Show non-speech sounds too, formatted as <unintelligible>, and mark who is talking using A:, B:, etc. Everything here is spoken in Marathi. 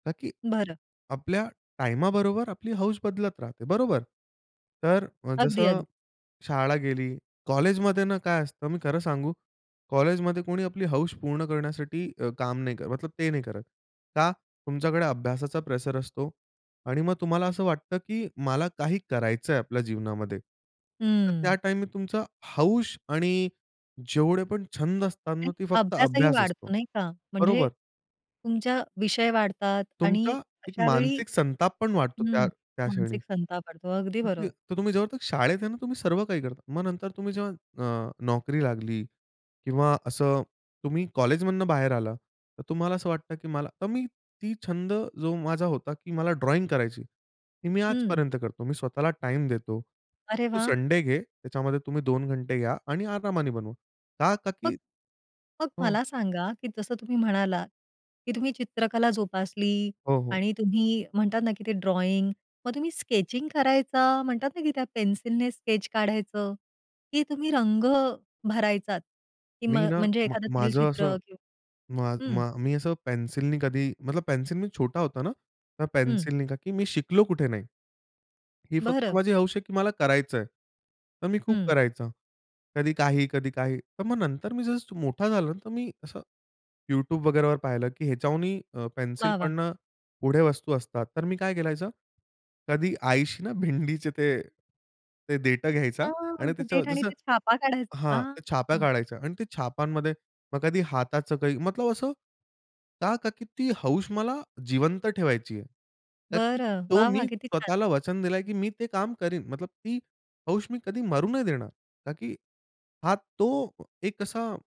A: का की
B: बरं.
A: आपल्या टाईमाबरोबर आपली हौस बदलत राहते, बरोबर? तर अ,
B: अगदी,
A: जसं
B: अगद
A: शाळा गेली, कॉलेजमध्ये ना काय असतं मी खरं सांगू, कॉलेजमध्ये कोणी आपली हौस पूर्ण करण्यासाठी अ, काम नाही करत, मतलब ते नाही करत. का? तुमच्याकडे अभ्यासाचा प्रेशर असतो आणि मग तुम्हाला असं वाटतं, की मला काही करायचंय आपल्या जीवनामध्ये. तर त्या
B: हं.
A: टाईममध्ये तुमचा हौस आणि जेवढे पण छंद असतात ना,
B: आणि
A: ते फक्त
B: अभ्यासही
A: अभ्यास असतो,
B: वाढतो नाही का? म्हणजे
A: बरोबर?
B: तुमच्या विषय वाढतात आणि
A: तुमचा एक
B: अशावेळी
A: मानसिक संताप पण वाढतो
B: हं,
A: त्या त्या क्षणी.
B: मानसिक संताप वाढतो. अगदी बरोबर.
A: <unintelligible> तर तुम्ही जोपर्यंत तर शाळेत आहे ना, तुम्ही सर्व काही करता. मग नंतर तुम्ही जेव्हा अ, नोकरी लागली किंवा असं तुम्ही कॉलेजमधनं बाहेर आला तर तुम्हाला असं वाटतं, की मला तर मी ती छंद जो माझा होता, की मला ड्रॉइंग करायची. ती मी
B: हं.
A: आजपर्यंत करतो. मी स्वतःला टाईम देतो,
B: अरे
A: तू
B: वाह!
A: संडे घे. त्याच्यामध्ये तुम्ही 2 घंटे घ्या आणि आरामाने बनवू. का? का
B: मग
A: की
B: मग
A: हं.
B: मला सांगा की जसं तुम्ही म्हणालात, की तुम्ही चित्रकला जोपासली
A: हो, हो.
B: आणि तुम्ही म्हणतात ना, की ते ड्रॉइंग, मग तुम्ही स्केचिंग करायचा म्हणतात ना, की त्या पेन्सिलने स्केच काढायचं, की तुम्ही रंग भरायचात, की
A: मी
B: मग
A: ना
B: म्हणजे
A: मग
B: एखादं
A: माझं असं,
B: तैलचित्र किंवा
A: मा
B: हं.
A: मा मी असं पेन्सिलनी कधी मतलब पेन्सिल मी छोटा होता ना, त्या
B: हं.
A: पेन्सिलनी का की मी शिकलो कुठे नाही. ही फक्त
B: बरं.
A: माझी हौस आहे, की मला करायचंय. तर मी खूप
B: हं.
A: करायचं. कधी काही, कधी काही. तर मग नंतर मी जसं मोठा झालो तर मी असं YouTube वगैरे वर पाहिलं, की ह्याच्याहुनही अ, पेन्सिल
B: वाह! वाह!
A: पण अ, पुढे वस्तू असतात. तर मी काय करायचो? कधी आईशी ना भिंडीचे ते ते देठं घ्यायचा
B: आह!
A: आणि त्याचंवर
B: देठाने
A: जसं
B: ते छाप काढायचा?
A: हां, त्या छाप
B: हां.
A: काढायचा अन् ते छापांमध्ये मग कधी हाताचं काही. मतलब असं का, का की ती हौस मला जिवंत ठेवायची आहे. का की
B: बरं.
A: तो
B: वाह! वाह!
A: मी
B: किती छान!
A: स्वतःला वचन दिलाय, की मी ते काम करीन मतलब ती हौस मी कधी मरू नाही देणार. का की हा तो एक असा